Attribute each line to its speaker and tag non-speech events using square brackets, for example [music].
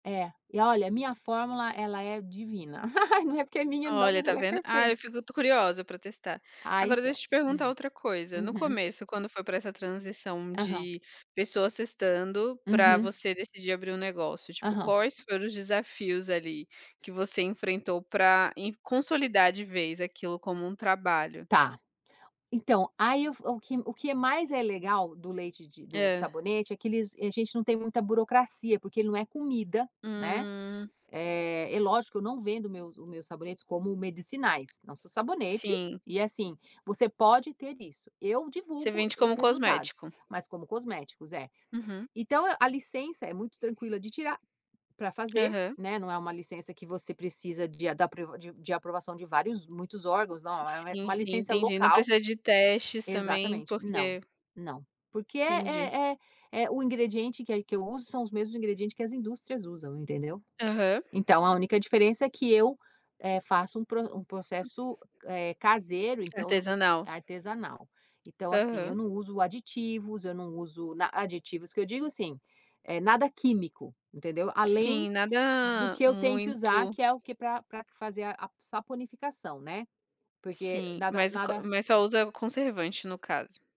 Speaker 1: É, e olha a minha fórmula ela é divina, [laughs] ai não é porque é minha não,
Speaker 2: Olha,
Speaker 1: mas
Speaker 2: está
Speaker 1: ela é
Speaker 2: vendo? Ah, eu
Speaker 1: perfeita.
Speaker 2: fico curiosa para testar.
Speaker 1: Ah
Speaker 2: Agora
Speaker 1: então.
Speaker 2: deixa eu te perguntar
Speaker 1: Hum.
Speaker 2: outra coisa, no
Speaker 1: Uhum.
Speaker 2: começo quando foi para essa transição
Speaker 1: Aham.
Speaker 2: de pessoas testando, para
Speaker 1: Uhum.
Speaker 2: você decidir abrir um negócio, tipo,
Speaker 1: Aham.
Speaker 2: quais foram os desafios ali que você enfrentou pra em consolidar de vez aquilo como um trabalho?
Speaker 1: Tá. Então, aí o fo que o que mais é legal do leite de do
Speaker 2: Hã.
Speaker 1: sabonete, é que eles a gente não tem muita burocracia, porque ele não é comida, né,
Speaker 2: Hum.
Speaker 1: eh, e lógico eu não vendo meus os meus sabonetes como medicinais, não, são sabonetes,
Speaker 2: Sim.
Speaker 1: e assim, você pode ter isso. Eu
Speaker 2: Você
Speaker 1: divulgo
Speaker 2: vende
Speaker 1: os
Speaker 2: como
Speaker 1: resultados,
Speaker 2: cosmético.
Speaker 1: mas como cosméticos, é.
Speaker 2: Uhum.
Speaker 1: Então a licença é muito tranquila de tirar, para fazer,
Speaker 2: Aham.
Speaker 1: né, não é uma licença que você precisa de a da pr de aprovação de vários muitos órgãos, não, é
Speaker 2: Sim,
Speaker 1: uma
Speaker 2: sim,
Speaker 1: licença
Speaker 2: entendi, não
Speaker 1: local.
Speaker 2: precisa de testes também
Speaker 1: Exatamente, não,
Speaker 2: porque
Speaker 1: não. Porque
Speaker 2: Entendi.
Speaker 1: é é é o ingrediente que é que eu uso, são os mesmos ingredientes que as indústrias usam, entendeu?
Speaker 2: Aham.
Speaker 1: Então a única diferença é que eu, eh, faço um pr um processo caseiro então,
Speaker 2: Artesanal.
Speaker 1: artesanal. Então assim eu
Speaker 2: Aham.
Speaker 1: não uso aditivos, eu não uso n aditivos que eu digo assim, eh, nada químico, entendeu? Além
Speaker 2: Sim,
Speaker 1: do
Speaker 2: nada
Speaker 1: que eu tenho que usar
Speaker 2: muito
Speaker 1: que é o que pra pra q fazer a saponificação, né. Porque
Speaker 2: Sim,
Speaker 1: nada,
Speaker 2: mas co
Speaker 1: nada
Speaker 2: mas só usa conservante no caso.